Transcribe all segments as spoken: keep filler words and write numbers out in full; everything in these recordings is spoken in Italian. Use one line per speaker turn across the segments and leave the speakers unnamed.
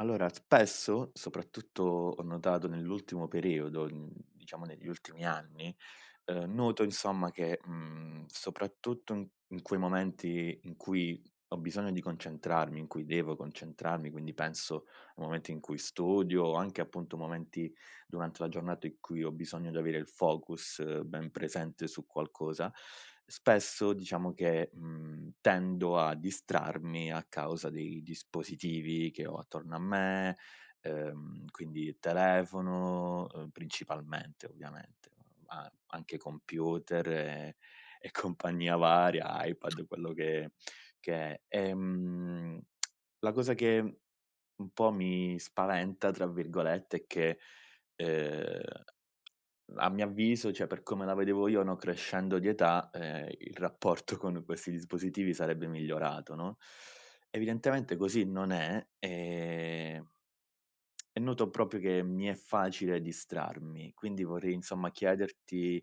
Allora spesso, soprattutto ho notato nell'ultimo periodo, mhmm, diciamo negli ultimi anni, uhm, noto insomma che, mhmm, soprattutto n in quei momenti in cui ho bisogno di concentrarmi, in cui devo concentrarmi, quindi penso a momenti in cui studio, anche appunto momenti durante la giornata in cui ho bisogno di avere il focus ben presente su qualcosa, spesso diciamo che, mhmm, tendo a distrarmi a causa dei dispositivi che ho attorno a me, uhm, quindi il telefono, uhm, principalmente, ovviamente, ma anche computer e e compagnia varia, iPad quello che che è. Ehm, la cosa che un po' mi spaventa tra virgolette è che, ehm a mio avviso, cioè per come la vedevo io, no, crescendo di età, ehm, il rapporto con questi dispositivi sarebbe migliorato no, evidentemente così non è, e e noto propio che mi è facile distrarmi. Quindi vorrei, insomma, chiederti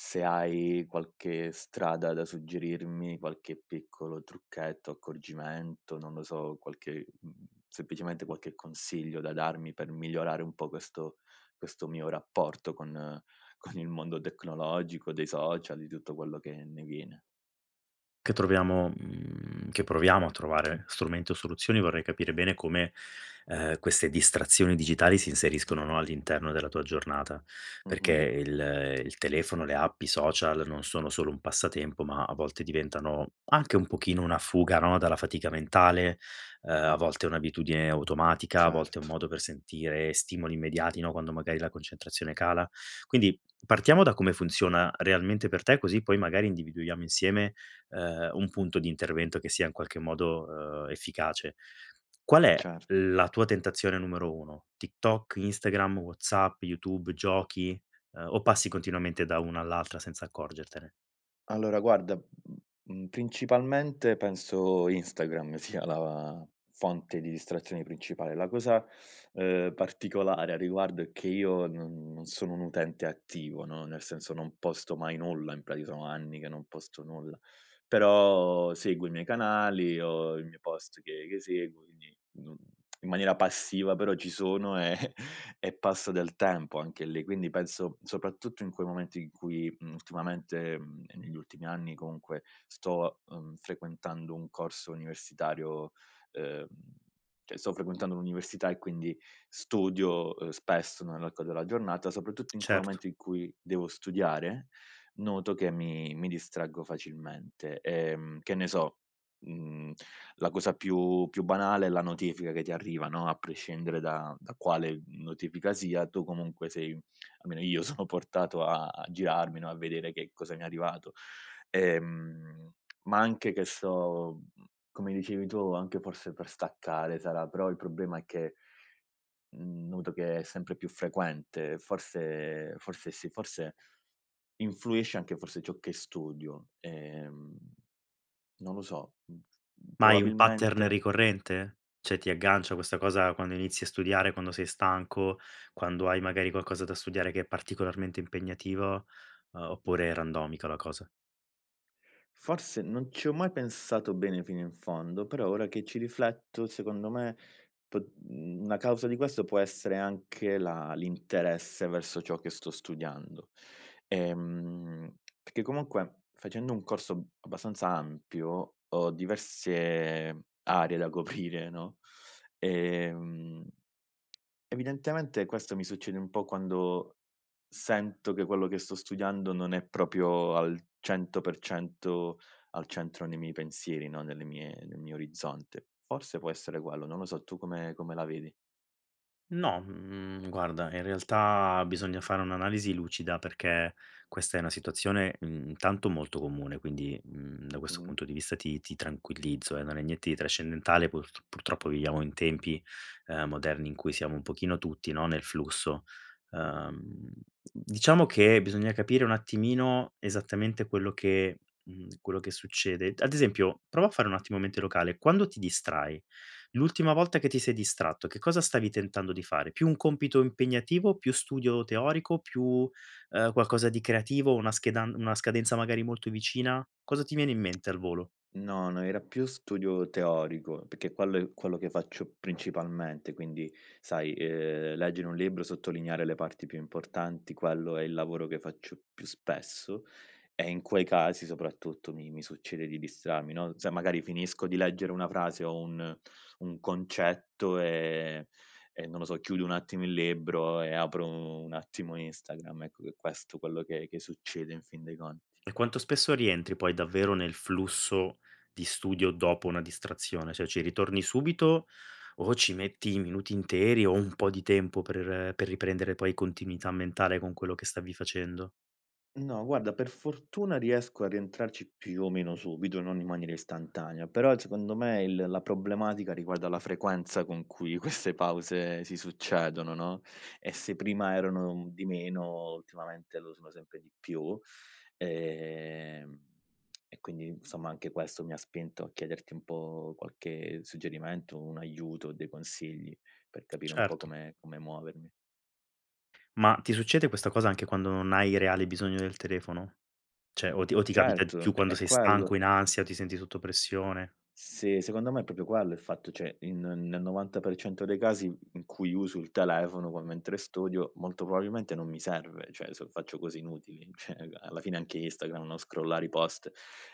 se hai qualche strada da suggerirmi, qualche piccolo trucchetto, accorgimento, non lo so, qualche, mhmm, semplicemente qualche consiglio da darmi per migliorare un po' questo questo mio rapporto con con il mondo tecnologico, dei social di tutto quello che ne viene.
Che troviamo, mhmm, che proviamo a trovare strumento o soluzioni, vorrei capire bene come, ehm, queste distrazioni digitali si inseriscono, no, all'interno della tua giornata, perché
Mh-mh.
il il telefono, le app, i social non sono solo un passatempo ma a volte diventano anche un pochino una fuga, no, dalla fatica mentale, uhm, a volte è un'abitudine automatica, a volte è un
Certo.
modo per sentire stimoli immediati, no, quando magari la concentrazione cala. Quindi, partiamo da come funziona realmente per te, così poi magari individuiamo insieme, ehm, un punto di intervento che sia in qualche modo, uhm, efficace. Qual è
Cer
la tua tentazione numero uno? TikTok, Instagram, Whatsapp, Youtube, giochi, ehm, o passi continuamente da una all'altra senza accorgertene?
Allora guarda, mhmm, principalmente penso Instagram sia la fonte di distrazioni principale. La cosa, ehm, particolare a riguardo è che io non non sono un utente attivo, no, nel senso non posto mai nulla, in prati sono anni che non posto nulla, però seguo i miei canali, ho i miei post che che seguo quindi non in maniera passiva, però ci sono e e passa del tempo anche lì, quindi penso soprattutto in quei momenti in cui, mhmm, ultimamente, mhmm, e negli ultimi anni comunque sto, mhmm, frequentando un corso universitario, ehm, cioè sto frequentando l'università e quindi studio, ehm, spesso nell'arco della giornata, soprattutto in quel
Certo.
momento in cui devo studiare, noto che mi mi distraggo facilmente e, mhmm, che ne so, mhmm, la cosa più più banale è la notifica che ti arriva, no, a prescindere da da quale notifica sia tu comunque sei almeno io sono portato a a girarmi, no, a vedere che cosa mi è arrivato, ehm, ma anche che so, mhmm, come dicevi tu, anche forse per staccare sarà, però il problema è che, mhmm noto che è sempre più frequente, forse forse sì, forse influisce anche forse ciò che studio ehm, non lo so, mhmm,
Ma hai un pattern
probabilmente
ricorrente? ceh ti aggancia questa cosa quando inizi a studiare, quando sei stanco, quando hai magari qualcosa da studiare che è particolarmente impegnativo, uhm, oppure è randomica la cosa?
Forse non ci ho mai pensato bene fino in fondo, però ora che ci rifletto secondo me p mhmm, una causa di questo può essere anche la l'interesse verso ciò che sto studiando, ehm, peché comunque facendo un corso abbastanza ampio ho diverse aree da coprire, no, ehm, evidentemente questo mi succede un po' quando sento che quello che sto studiando non è propio al cento per cento al centro nei miei pensieri, no nelle mie nel mio orizzonte. Forse può essere quello, non lo so, tu come come la vedi?
No, mhmm, guarda, in realtà bisogna fare un'analisi lucida, perché questa è una situazione, mhmm, intanto, molto comune, quindi, mhmm, da questo
Mh.
punto di vista ti ti tranquillizzo, eh, non è niente di trascendentale, purt purtroppo viviamo in tempi, uhm, moderni in cui siamo un pochino tutti, no, nel flusso. Uhm, d diciamo, che bisogna capire un attimino esattamente quello che mhmm, quello che succede d ad esempio, prova a fare un attimo mente locale: quando ti distrai l'ultima volta che ti sei distratto, che cosa stavi tentando di fare, più un compito impegnativo, più studio teorico, più, uhm, qualcosa di creativo, una schedan una scadenza, magari, molto vicina, cosa ti viene in mente al volo?
No, no, era più studio teorico, peché quello è quello che faccio principalmente quindi, sai, ehm, leggere un libro, sottolineare le parti più importanti, quello è il lavoro che faccio più spesso, e in quei casi, soprattutto, mi mi succede di distrarmi, no, sai magari finisco di leggere una frase o un un concetto e e non lo so, chiudo un attimo il libro e apro un attimo Instagram, ecco, è qu è questo quello che che succede in fin dei conti.
E quanto spesso rientri, poi, davvero, nel flusso di studio dopo una distrazione, soè ci ritorni subito o ci metti i minuti interi, o un po' di tempo per per riprendere, poi, continuità mentale con quello che stavi facendo?
No, guarda, per fortuna riesco a rientrarci più o meno subito, non in maniera istantanea, però zecondo me il la problematica riguarda la frequenza con cui queste pause si succedono, no, e se prima erano un di meno, ultimamente lo sono sempre di più. Ehm, e quindi, insomma, anche questo mi ha spinto a chiederti un po' qualche suggerimento, un aiuto o dei consigli, per capire un po'
Certo.
come come muovermi.
Ma ti succede questa cosa anche quando non hai reale bisogno del telefono? ceh o ti o ti capita
Certo,
più
è
quando
è
sei stanco,
quello
in ansia o ti senti sotto pressione?
Sì, secondo me è propio quello il fatto. ceh in nel novanta per cento dei casi in cui uso il telefono, o quan mentre studio, molto probabilmente non mi serve, ceh, so faccio cose inutili. ceh n alla fine anche Instagram, no, scrollare i post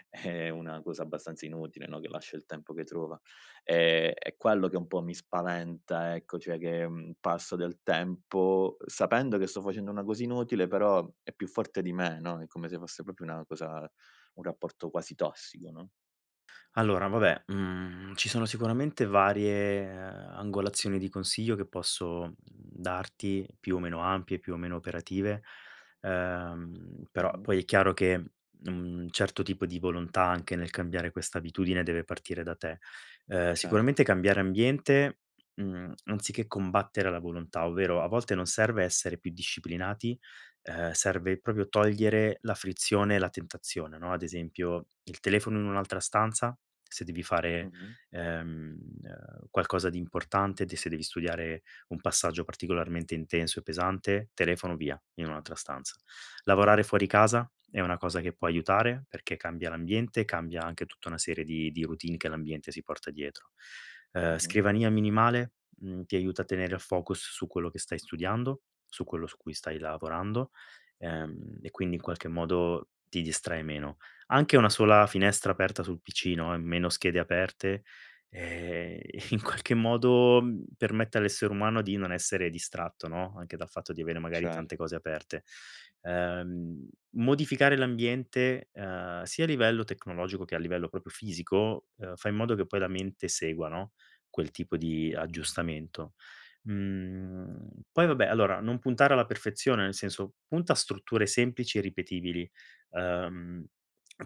è una cosa abbastanza inutile, no, che lascia il tempo che trova, ehm, è quello che un po' mi spaventa, ecco, cioè che, mhmm, passo del tempo, uhm, sapendo che sto facendo una cosa inutile, però è più forte di me, no, è come se fosse propio una cosa un rapporto quasi tossico, no?
Allora vabbè, mhmm, ci sono sicuramente varie, uhm, angolazioni di consiglio che posso, mhmm, darti. Più o meno ampie, più o meno operative. Ehm, però
Mh-mh.
poi è chiaro che un certo tipo di volontà, anche nel cambiare questa abitudine, deve partire da te. Uhm,
Cert
sicuramente cambiare ambiente. Mhmm, anziché combattere la volontà. Ovvero, a volte non serve essere più disciplinati. Uhm, serve proprio togliere la frizione e la tentazione, no? Ad esempio il telefono in un'altra stanza. Se devi fare,
Mh-mh.
ehm, qualcosa di importante, te se devi studiare un passaggio particolarmente intenso e pesante, telefono via, in un'altra stanza. Lavorare fuori casa è una cosa che può aiutare, perché cambia l'ambiente e cambia anche tutta una serie di di routine che l'ambiente si porta dietro. Uhm,
Mh-mh.
scrivania minimale. Mhmm, ti aiuta a tenere a focus su quello che stai studiando, su quello su cui stai lavorando. Ehm, e quindi in qualche modo ti distrae meno. Anche una sola finestra aperta sul PC, no, e meno schede aperte. Ehm, in qualche modo permette all'essere umano di non essere distratto, no? Anche dal fatto di avere magari
Cert
tante cose aperte. Uhm, modificare l'ambiente, ehm, sia a livello tecnologico che a livello propio fisico, uhm, fa in modo che poi la mente segua, no, quel tipo di
Mh-mh.
aggiustamento. Mhmm, poi vabbè, allora non puntare alla perfezione. Nel senso, punta a strutture semplici e ripetibili. Uhm,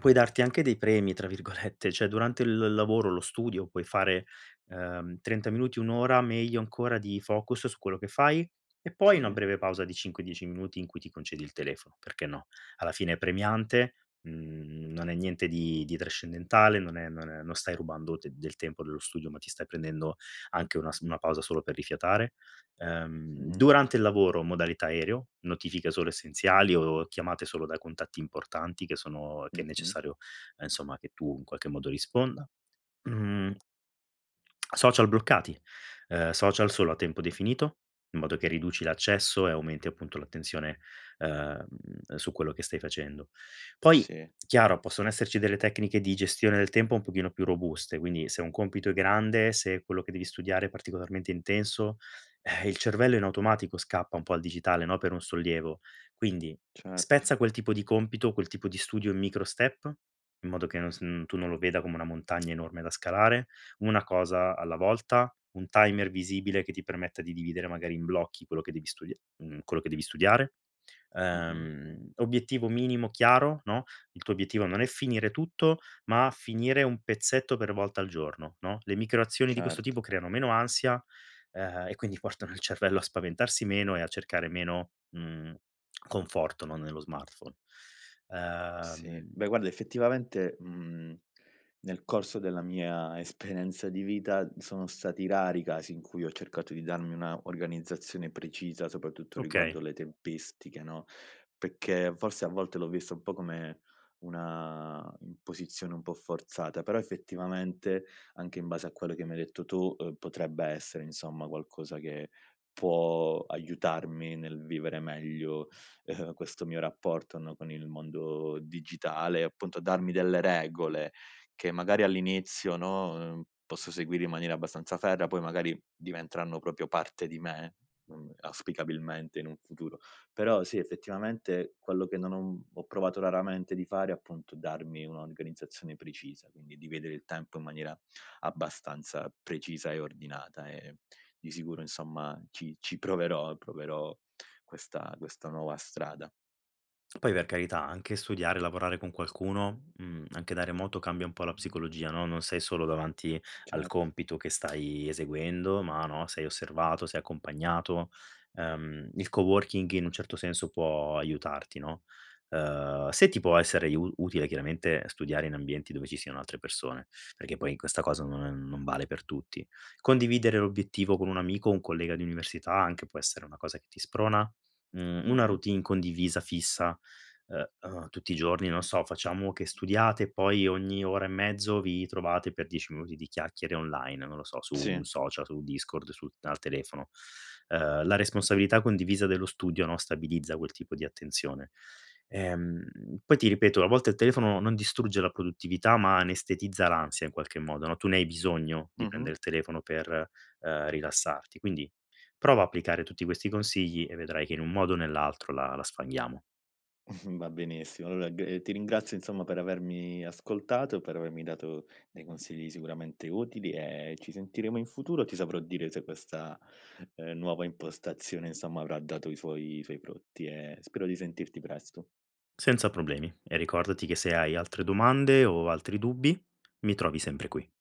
puoi darti anche dei premi tra virgolette. Cioè. durante il il lavoro, lo studio, puoi fare, uhm, trenta minuti, un ora, meglio ancora, di focus su quello che fai. E poi una
Sì.
breve pausa di cinque, dieci minuti in cui ti concedi il telefono, perché no? Alla fine è premiante. Mhmm, non è niente di di trascendentale. Non è non è non stai rubando te del tempo dello studio. Ma ti stai prendendo anche una s una pausa solo per rifiatare. Uhm,
Mh-mh.
durante il lavoro modalità aereo, notifiche solo essenziali o chiamate solo da contatti importanti. Che sono che è
Mh-mh.
necessario, ehm, insomma, che tu in qualche modo risponda. Mhmm, social bloccati. Uhm, social solo a tempo definito, in modo che riduci l'accesso e aumenti, appunto, l'attenzione, uhm, su quello che stai facendo. Poi,
Sì.
chiaro, possono esserci delle tecniche di gestione del tempo un pochino più robuste. Quindi se un compito è grande, se quello che devi studiare è particolarmente intenso, eh, il cervello in automatico scappa un po' al digitale, no, per un sollievo. Quindi,
Certo.
spezza quel tipo di compito, quel tipo di studio in micro step. In modo che non s uhm, tu non lo veda come una montagna enorme da scalare. Una cosa alla volta, un timer visibile che ti permetta di dividere magari in blocchi quello che devi studia mhmm, quello che devi studiare.
Mh-mh.
Uhm, obiettivo minimo chiaro, no? Il tuo obiettivo non è finire tutto, ma finire un pezzetto per volta al giorno, no? Le micro azioni di questo
Cert
tipo creano meno ansia. Ehm, e quindi portano il cervello a spaventarsi meno e a cercare meno, mhmm, conforto, no, nello smartphone.
Sì,
Uhm...
beh, guarda, effettivamente, mhmm, nel corso della mia esperenza di vita sono stati rari i casi in cui ho cercato di darmi una organizzazione precisa. Soprattutto riguardo
Okay.
le tempistiche, no? pecchè forse a volte l'ho vista un po' come una imposizione un po' forzata. Però effettivamente, anche in base a quello che mi hai detto tu, uhm, potrebbe essere, insomma, qualcosa che può aiutarmi nel vivere meglio questo mio rapporto, no, con il mondo digitale. Appunto, darmi delle regole che magari all'inizio, no, uhm, posso seguire in maniera abbastanza ferrea. Poi magari diventeranno propio parte di me, mhmm, auspicabilmente in un futuro. Però sì, effettivamente quello che non ho uhm, ho provato raramente di fare, appunto, è darmi un'organizzazione precisa. Quindi, di vedere il tempo in maniera abbastanza precisa e ordinata. E di sicuro, insomma, ci ci proverò e proverò questa questa nuova strada.
Poi, per carità, anche studiare, lavorare con qualcuno, mhmm, anche da remoto, cambia un po' la psicologia, no? Non sei solo davanti al
Cert
compito che stai eseguendo, ma, no, sei osservato, sei accompagnato. Uhm, il co-working in un certo senso può aiutarti, no? Uhm, se ti può essere iu utile, chiaramente, studiare in ambienti dove ci siano altre persone. Perché poi in questa cosa non non vale per tutti. Condividere l'obiettivo con un amico, un collega di università, anche, può essere una cosa che ti sprona. Mhmm, una
Mh-mh.
routine condivisa fissa, ehm, uhm, tutti i giorni, non so, facciamo che studiate, poi ogni ora e mezzo vi trovate per dieci minuti di chiacchiere online. Non lo so, su
Sì.
un social, su Discord, sul al telefono. Uhm, la responsabilità condivisa dello studio, no, stabilizza quel tipo di attenzione. Ehm, poi ti ripeto, a volte il telefono non distrugge la produttività, ma anestetizza l'ansia in qualche modo, no? Tu ne hai bisogno, di
Mh-mh.
prendere il telefono, per, uhm, rilassarti. Quindi, prova a applicare tutti questi consigli e vedrai che, in un modo o nell'altro, la la sfanghiamo.
Va benissimo. Alloa g ehm, ti ringrazio, insomma, per avermi ascoltato e per avermi dato dei consigli sicuramente utili e ci sentiremo in futuro. Ti saprò dire se questa, ehm, nuova impostazione, insomma, avrà dato i suoi i suoi frutti. E spero di sentirti presto.
Senza problemi. E ricordati che, se hai altre domande o altri dubbi, mi trovi sempre qui.